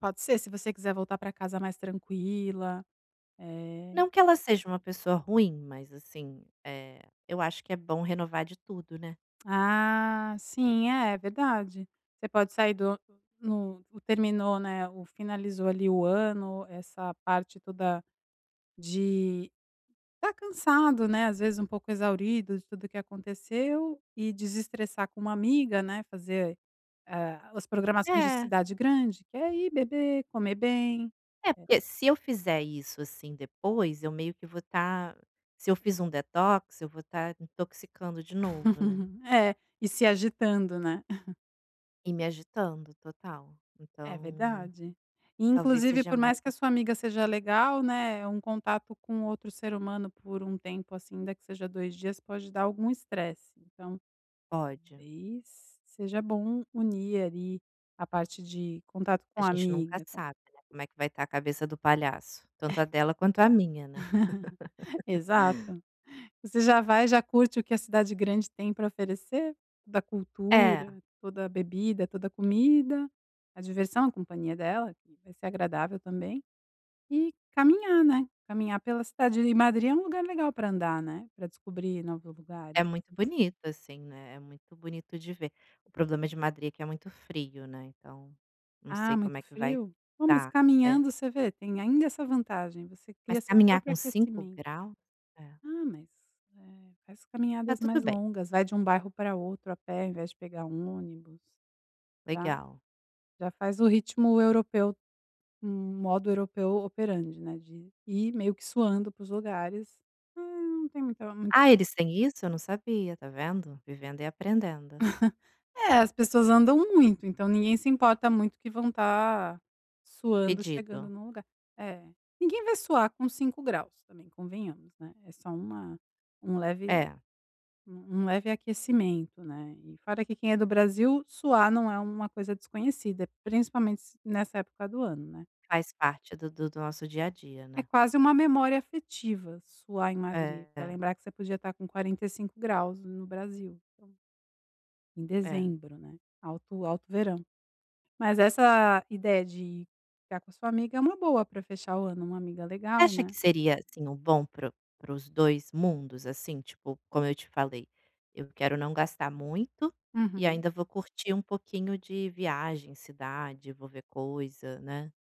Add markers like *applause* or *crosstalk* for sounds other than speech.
Pode ser se você quiser voltar para casa mais tranquila, eh Não que ela seja uma pessoa ruim mas assim, eh, eu acho que é bom renovar de tudo, né. Ah, sim é verdade. Você pode sair do *unintelligible* hum, o terminou, né, o finalizou ali o ano, essa parte toda, de estar cansado, né, às vezes um pouco exaurido de tudo o que aconteceu e desestressar com uma amiga, né, fazer, ah, as programações de É. cidade grande, que é ir beber, comer bem. É É. porque se eu fizer isso, assim, depois eu meio que vou estar, se eu fiz um detox eu vou estar intoxicando de novo, né. *laughs* É, e se agitando né. *chuckles* E me agitando total, É então, verdade. E talvez inclusive seja por mais mais que a sua intere amiga seja legal, né, é um contato com outro ser humano por um tempo, assim, ainda que seja 2 dias pode dar algum estresse, então Pode. talvez seja bom unir ali a parte de contato A com a gente nunca amiga com sabe não como é que vai estar a cabeça do palhaço, tanto a dela quanto a minha né. *laughs* *laughs* Exato. Você já vai, já curte o que a cidade grande tem pra oferecer. Da É. cultura, toda a bebida, toda a comida, a diversão, a companhia dela que vai ser agradável também, e caminhar, né, caminhar pela cidade, e Madrid é um lugar legal pra andar, né, para descobrir novos lugares É assim. muito bonito assim, né, é muito bonito de ver, o problema de Madrid que é muito frio, né, então, não Ah, sei como muito é que vai, frio, ah, mas estar, é. caminhando você vê, tem ainda essa vantagem, você cria Mas seu caminhar próprio com 5 aquecimento. graus? É. Ah mas, eh, faz Está caminhadas tudo mais bem. longas, vai de um bairro pra outro a pé em vez de pegar um ônibus, está. Legal. Já faz o ritmo europeu, um modo europeu operante, né, de ir meio que suando para os lugares, hum, não tem muita mui Ah, eles têm isso? Eu não sabia, está vendo. Vivendo e aprendendo. *chuckles* É, as pessoas andam muito, então ninguém se importa muito que vão estar suando, chegando Fedido. em um lugar. É, ninguém vai suar com 5 graus também convenhamos, né, é só uma um leve, É. um leve aquecimento, né, e fora que quem é do Brasil, suar não é uma coisa desconhecida, principalmente nessa época do ano, né. Faz parte do do do nosso dia a dia, É né. quase uma memória afetiva suar em Madrid, É, pra é. lembrar que você podia estar com 45 graus no Brasil. Então em É. dezembro, né, alto alto verão. Mas essa ideia de ficar com a sua amiga é uma boa pra fechar o ano é uma amiga Você legal, acha né. que seria assim o bom para o para os 2 mundos assim tipo como eu te falei, eu quero não gastar muito, e Uhum. ainda vou curtir um pouquinho de viagem, cidade, eu vou ver coisa, né.